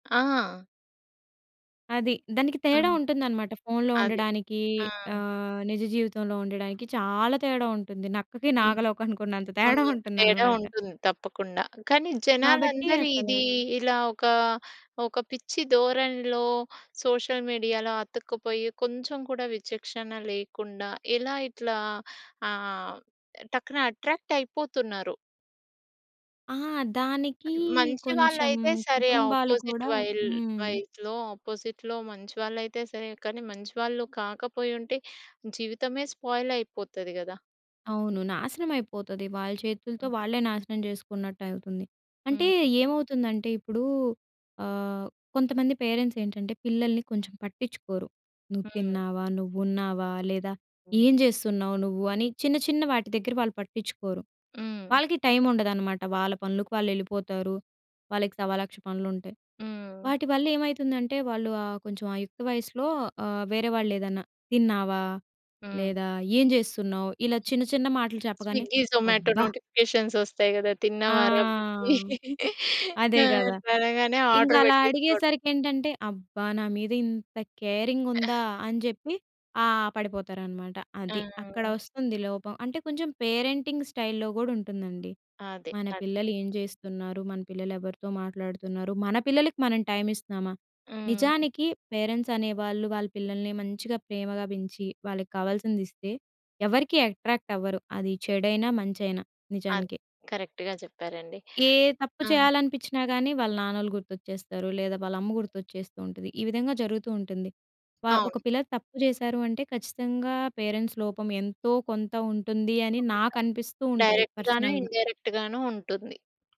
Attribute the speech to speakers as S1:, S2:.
S1: ఆ!
S2: అది. దానికి తేడా
S1: హ్మ్.
S2: ఉంటుందనమాట. ఫోన్‌లో
S1: అది.
S2: ఉండడానికి,
S1: ఆ!
S2: ఆహ్, నిజ జీవితంలో ఉండడానికి చాలా తేడా ఉంటుంది. నక్కకి,
S1: హ్మ్.
S2: నాగలోకా‌నికున్నంత
S1: హ్మ్.
S2: తేడా
S1: తేడా
S2: ఉంటుందనమాట.
S1: ఉంటుంది తప్పకుండా. కానీ,
S2: కాబట్టి
S1: జనాలందరి ఇది
S2: అసల
S1: ఇలా ఒకా, ఒక పిచ్చి ధోరణిలో సోషల్ మీడియాలో అతుక్కుపోయి, కొంచెం కూడా విచక్షణ లేకుండా, ఇలా ఇట్లా ఆహ్, టక్కున అట్రాక్ట్ అయిపోతున్నారు.
S2: ఆ! దానికీ
S1: అది మంచి
S2: కొంచెం
S1: వాళ్ళయితే సరే,
S2: కుటుంబాలు
S1: అపోజిట్
S2: కూడా
S1: వైల్
S2: హ్మ్.
S1: వైస్‌లో అపోజిట్‌లో మంచివాళ్ళయితే సరే. కానీ, మంచి వాళ్ళు కాకపోయుంటే జీవితమే స్పాయిలయిపోతది గదా!
S2: అవును. నాశనమయిపోతది. వాళ్ళచేతులతో
S1: హ్మ్.
S2: వాళ్ళే నాశనం చేసుకున్నట్టవుతుంది. అంటే
S1: హ్మ్.
S2: ఏమవుతుందంటే ఇప్పుడు, ఆహ్, కొంతమంది పేరెంట్సేంటంటే, పిల్లల్ని కొంచెం పట్టిచ్చుకోరు. నువ్వు
S1: హ్మ్.
S2: తిన్నావా, నువ్వు ఉన్నావా, లేదా
S1: హ్మ్.
S2: ఏం జేస్తున్నావు నువ్వు అని చిన్న, చిన్న వాటి దగ్గర వాళ్ళు పట్టిచ్చుకోరు.
S1: హ్మ్.
S2: వాళ్ళకి టైముండదనమాట. వాళ్ళ పనులకు వాళ్ళెలిపోతారు. వాళ్ళకి సవాలక్ష పనులుంటాయి.
S1: హ్మ్.
S2: వాటి వల్ల ఏమైతుందంటే, వాళ్ళు ఆహ్, కొంచెం ఆ యుక్త వయసులో ఆహ్, వేరేవాళేదన్నా, తిన్నావా,
S1: హ్మ్.
S2: లేదా ఏం జేస్తున్నావు ఇలా చిన్న చిన్న మాటలు చెప్పగానే,
S1: స్విగ్గీ, జొమాటో
S2: అబ్బ!
S1: నోటిఫికేషన్స్ వస్తయి గదా!
S2: ఆ!
S1: తిన్నావా‌రా బుజ్జీ. ఆ!
S2: అదేగదా!
S1: అట్ల అనగానే ఆర్డర్
S2: ఇంకలా
S1: పెట్టేసుకోడమే.
S2: అడిగేసరికేంటంటే, అబ్బా! నా మీద ఇంత కేరింగుందా అనిచెప్పి ఆ! పడిపోతారనమాట.
S1: ఆ!
S2: అది.
S1: హ్మ్.
S2: అక్కడొస్తుంది లోపం. అంటే, కొంచెం పేరెంటింగ్ స్టైల్‌లో గూడుంటుందండి.
S1: ఆదే.
S2: మన
S1: అది.
S2: పిల్లలు ఏం చేస్తున్నారు? మన పిల్లలు ఎవరితో మాట్లాడుతున్నారు, మన పిల్లలకి మనం టైమిస్తున్నామా,
S1: హ్మ్.
S2: నిజానికి పేరెంట్స్ అనేవాళ్ళు వాళ్ళ పిల్లల్ని మంచిగా ప్రేమగా బెంచి, వాళ్ళకి కావాల్సిందిస్తే, ఎవరికీ అట్రాక్ట్ అవ్వరు. అది చెడైనా, మంచైనా
S1: అదే.
S2: నిజానికి.
S1: కరెక్ట్‌గా చెప్పారండి.
S2: ఏ తప్పు
S1: ఆ!
S2: చేయాలనిపిచ్చినా గాని, వాళ్ళ నాన్నలు గుర్తొచ్చేస్తారు లేదా, వాళ్ళ అమ్మ గుర్తొచ్చేస్తూ ఉంటది, ఈ విధంగా జరుగుతూ ఉంటుంది. వా ఒక
S1: అవును.
S2: పిల్ల తప్పు జేసారు అంటే ఖచ్చితంగా పేరెంట్స్ లోపం ఎంతోకొంత ఉంటుంది అని
S1: తప్పకుండా.
S2: నాకనిపిస్తూ ఉంటది,
S1: డైరెక్ట్‌గానే,
S2: పర్సనల్‌గా.
S1: ఇండైరెక్ట్‌గానో ఉంటుంది.